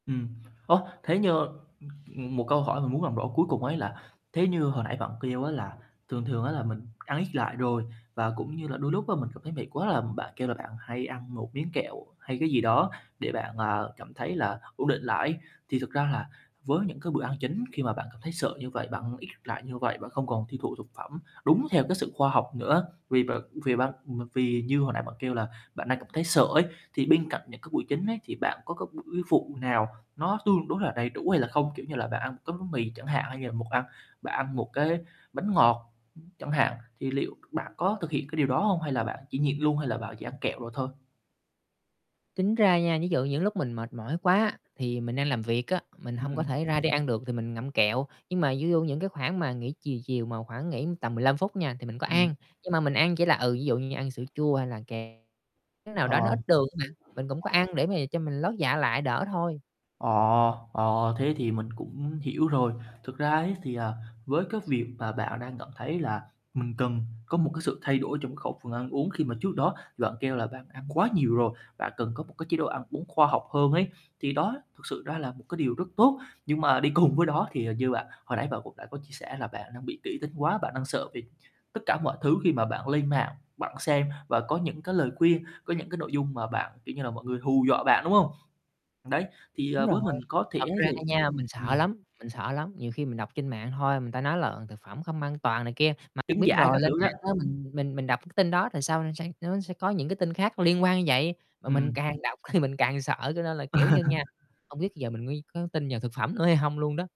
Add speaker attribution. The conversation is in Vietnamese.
Speaker 1: Ừm, ơ, thế nhơ, ưm, ừm, một câu hỏi mình muốn làm rõ cuối cùng ấy là thế như hồi nãy bạn kêu á là thường thường á là mình ăn ít lại rồi, và cũng như là đôi lúc á mình cảm thấy mệt quá là, ừm, bạn kêu là bạn hay ăn 1 miếng kẹo hay cái gì đó để bạn, à, cảm thấy là ổn định lại ấy. Thì thực ra là, với những cái bữa ăn chính khi mà bạn cảm thấy sợ như vậy, bạn ít lại như vậy, bạn không còn tiêu thụ thực phẩm đúng theo cái sự khoa học nữa, vì b vì ban ừm, à, vì như hồi nãy bạn kêu là bạn đang cảm thấy sợ ấy. Thì bên cạnh những cái buổi chính ấy thì bạn có cái buổi phụ nào nó tương đối là đầy đủ hay là không? Kiểu như là, bạn ăn 1 cái bánh mì chẳng hạn hay như là một ăn bạn ăn 1 cái bánh ngọt, ưm, chẳng hạn, thì liệu bạn có thực hiện cái điều đó hông? Hay là bạn chỉ nhịn luôn, hay là bạn chỉ ăn kẹo đồ thôi?
Speaker 2: Tính ra nha, ví dụ những lúc mình mệt mỏi quá, thì mình đang làm việc á, mình hông có
Speaker 1: Ừm.
Speaker 2: thể ra đi ăn được thì mình ngậm kẹo, nhưng mà di du những cái khoảng mà nghỉ chiều chiều mà khoảng nghỉ tầm 15 phút nha thì mình có
Speaker 1: Ừm.
Speaker 2: ăn, nhưng mà mình ăn chỉ là, ừ, ví dụ như ăn sữa chua, hay là kẹo. Cái nào
Speaker 1: Ờ.
Speaker 2: đó nó ít đường á bạn, mình cũng có ăn để mà cho mình lót dạ lại đỡ thôi.
Speaker 1: Ờ, ờ, thế thì mình cũng hiểu rồi. Thực ra ấy thì, à, với cái việc mà bạn đang cảm thấy là mình cần có một cái sự thay đổi trong cái khẩu phần ăn uống, khi mà trước đó bạn kêu là bạn ăn quá nhiều rồi, bạn cần có một cái chế độ ăn uống khoa học hơn ấy, thì đó thực sự đó là một cái điều rất tốt. Nhưng mà đi cùng với đó thì, à, như bạn hồi nãy bạn cũng đã có chia sẻ là bạn đang bị kỹ tính quá, bạn đang sợ vì tất cả mọi thứ khi mà bạn lên mạng, bạn xem và có những cái lời khuyên, có những cái nội dung mà bạn, kiểu như là, mọi người hù dọa bạn, đúng hông? Đấy, thì,
Speaker 2: Đúng
Speaker 1: ờ,
Speaker 2: rồi,
Speaker 1: với mình có thể
Speaker 2: thật
Speaker 1: ấy
Speaker 2: ra
Speaker 1: thì
Speaker 2: nha mình sợ
Speaker 1: ừm.
Speaker 2: lắm, mình sợ lắm, nhiều khi mình đọc trên mạng thôi, người ta nói là, ờ, thực phẩm không an toàn này kia, mà
Speaker 1: Trứng
Speaker 2: biết
Speaker 1: giả
Speaker 2: rồi
Speaker 1: các
Speaker 2: lên
Speaker 1: thứ đó.
Speaker 2: mạng á mình mình mình đọc cái tin đó thì sau nó sẽ, ớ, sẽ những cái tin khác liên quan như vậy, mà mình
Speaker 1: Ừm.
Speaker 2: càng đọc thì mình càng sợ cho nên là kiểu như nha, không biết bây giờ mình mới có tin vào thực phẩm nữa hay hông luôn đó.